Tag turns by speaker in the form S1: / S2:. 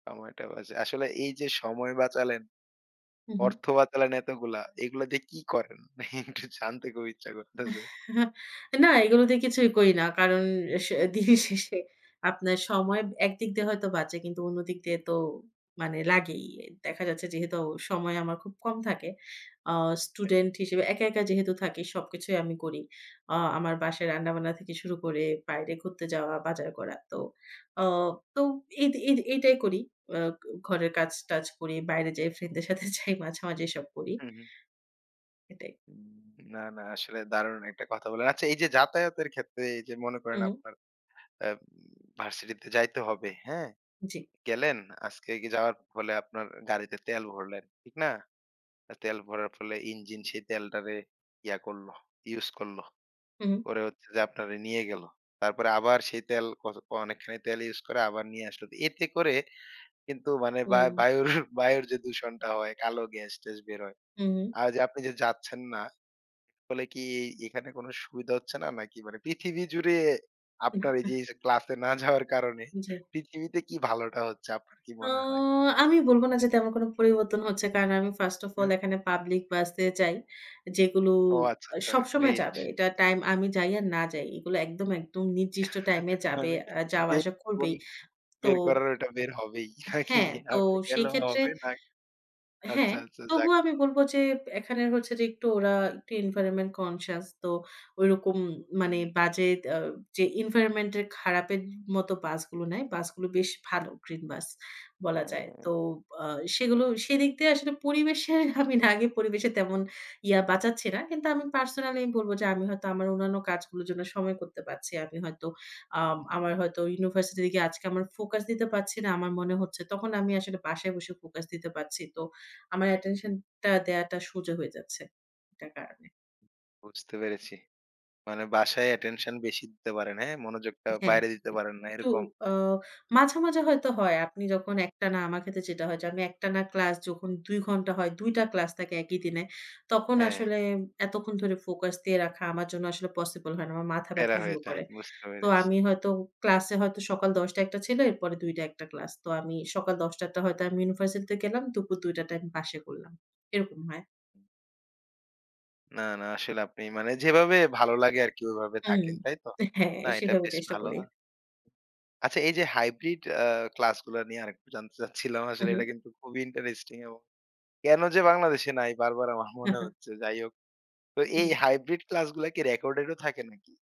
S1: সময়টা বাঁচে। আসলে এই যে, সময় বাঁচালেন,
S2: হুম, হুম।
S1: অর্থ বাঁচালেন এতগুলা। এগুলা দিয়ে কি করেন? একটু জানতে খুব ইচ্ছা করছে।
S2: না এগুলো দিয়ে কিছুই করি না। কারণ শে দিনের শেষে আপনার সময় একদিক দিয়ে হয়তো বাঁচে কিন্তু অন্য দিক দিয়ে তো মানে লাগেই। দেখা যাচ্ছে যেহেতু সময় আমার খুব কম থাকে। আ
S1: অ্যা।
S2: স্টুডেন্ট হিসেবে একা, একা যেহেতু থাকি সবকিছুই আমি করি। আ আমার বাসায় রান্না-বান্না থেকে শুরু করে বাইরে ঘুরতে যাওয়া, বাজার করা। তো আ তো এই এই এটাই করি। আ ঘরের কাজ টাজ করি, বাইরে যাই ফ্রেন্ড দের সাথে যাই মাঝে, মাঝে এসব করি।
S1: হু, হুম।
S2: এটাই।
S1: উম না, না আসলে দারুণ একটা কথা বললেন। আচ্ছা এই যে, যাতায়াতের ক্ষেত্রে এই যে, মনে করেন
S2: হুম।
S1: আপনার অ্যা ভার্সিটিতে যাইতে হবে হ্যাঁ?
S2: জি।
S1: গেলেন আজকে যাওয়ার ফলে আপনার গাড়িতে তেল ভরলেন ঠিক না? তেল ভরার ফলে ইঞ্জিন সেই তেলটারে ইয়া করলো ইউজ করল।
S2: হু, হুম।
S1: করে হচ্ছে যে, আপনারে নিয়ে গেলো। তারপরে আবার সেই তেল ক অনেকখানি তেল ইউস করে আবার নিয়ে আসলো। এতে করে কিন্তু মানে বা
S2: হুম।
S1: বায়ুর, বায়ুর যে, দূষণটা হয় কালো গ্যাস-ট্যাস বের হয়।
S2: হু, হুম।
S1: আর আপনি যে, যাচ্ছেন না তাহলে কি এখানে কোন সুবিধা হচ্ছে না? নাকি পৃথিবী জুড়ে
S2: হ্যাঁ,
S1: আপনার এই
S2: হ্যাঁ,।
S1: যে, যে, ক্লাসে না যাওয়ার কারণে
S2: জি।
S1: পৃথিবীতে কি ভালোটা হচ্ছে আপনার কি
S2: তো
S1: মনে হয়?
S2: আমি বলব না যাতে আমার কোন পরিবর্তন হচ্ছে। কারণ আমি first of all
S1: হ্যাঁ।
S2: এখানে পাবলিক বাস এ যাই। যেগুলো
S1: ও আচ্ছা,
S2: আ
S1: আচ্ছা,
S2: সবসময়
S1: গ্রেট।
S2: যাবে। এটা টাইম আমি যাই আর না যাই। এগুলো একদম, একদম নির্দিষ্ট টাইমে যাবে।
S1: মানে
S2: আ যাওয়া
S1: বের
S2: আসা করবেই।
S1: [unintelligible]
S2: তো
S1: বের করার ওটা বের হবেই নাকি?
S2: হ্যাঁ, তো
S1: আপনি
S2: সেই
S1: গেলেও
S2: ক্ষেত্রে।
S1: হবে না আচ্ছা,
S2: হ্যাঁ,
S1: আচ্ছা যাক।
S2: তবুও আমি বলব যে, এখানে হচ্ছে যে, একটু ওরা একটু environment conscious তো ঐরকম মানে
S1: হুম।
S2: বাজে আ যে, এনভায়রনমেন্ট এর খারাপের মতো বাসগুলো নাই, বাসগুলো বেশ ভালো green bus বলা যায়। তো
S1: হ্যাঁ।
S2: আ সেগুলো সেদিক দিয়ে আসলে পরিবেশের আমি না আগে পরিবেশের তেমন ইয়া বাঁচাচ্ছি না। কিন্তু আমি পার্সোনালি আমি বলব যে, আমি হয়তো আমার অন্যান্য কাজগুলোর জন্য সময় করতে পারছি। আমি হয়তো আম আমার
S1: হুম।
S2: হয়তো ইউনিভার্সিটিতে গিয়ে আজকে আমার ফোকাস দিতে পারছি না। আমার মনে হচ্ছে তখন আমি আসলে বাসায় বসে ফোকাস দিতে পারছি। তো, আমার অ্যাটেনশনটা দেয়াটা সোজা হয়ে যাচ্ছে এটার কারণে।
S1: বুঝতে পেরেছি। মানে বাসায় অ্যাটেনশন বেশি দিতে পারেন, হ্যাঁ, মনোযোগটা
S2: হ্যাঁ,
S1: বাইরে দিতে পারেন না
S2: একটু
S1: এরকম?
S2: আ মাঝে, মাঝে হয়তো হয় আপনি যখন একটানা আমার ক্ষেত্রে যেটা হয় যে, আমি একটানা ক্লাস যখন ২ ঘণ্টা হয়, ২ টা ক্লাস থাকে একই দিনে। তখন
S1: হ্যাঁ।
S2: আসলে এতক্ষণ ধরে ফোকাস দিয়ে রাখা আমার জন্য আসলে পসিবল হয় না আমার মাথা
S1: প্যারা
S2: ব্যাথা
S1: হয়ে
S2: শুরু
S1: যায়।
S2: করে।
S1: বুঝতে
S2: তো
S1: পেরেছি।
S2: আমি হয়তো ক্লাসে হয়তো সকাল ১০:০০ টায় একটা ছিল এরপরে ২:০০ টা একটা ক্লাস। তো আমি সকাল ১০:০০ টা হয়তো আমি ইউনিভার্সিটিতে গেলাম। দুপুর ২:০০ টার টাই আমি বাসায় করলাম এরকম হয়।
S1: না, না আসলে আপনি মানে যেভাবে ভালো লাগে আরকি ওইভাবে
S2: হুম, হুম।
S1: থাকেন তাই তো?
S2: হ্যাঁ,
S1: না এটা
S2: সেভাবে
S1: বেশ
S2: চেষ্টা
S1: ভালো।
S2: করি।
S1: আচ্ছা এই যে, hybrid আ ক্লাস গুলা নিয়ে আরেকটু জানতে চাচ্ছিলাম।
S2: হু,
S1: আসলে
S2: হুম।
S1: এটা কিন্তু খুবই ইন্টারেস্টিং এবং কেন যে, বাংলাদেশে নাই বারবার আমার
S2: হ্যাঁ,
S1: মনে
S2: হ্যাঁ।
S1: হচ্ছে যাই হোক। তো এই
S2: জি।
S1: hybrid ক্লাসগুলা কি রেকর্ডেড ও থাকে নাকি?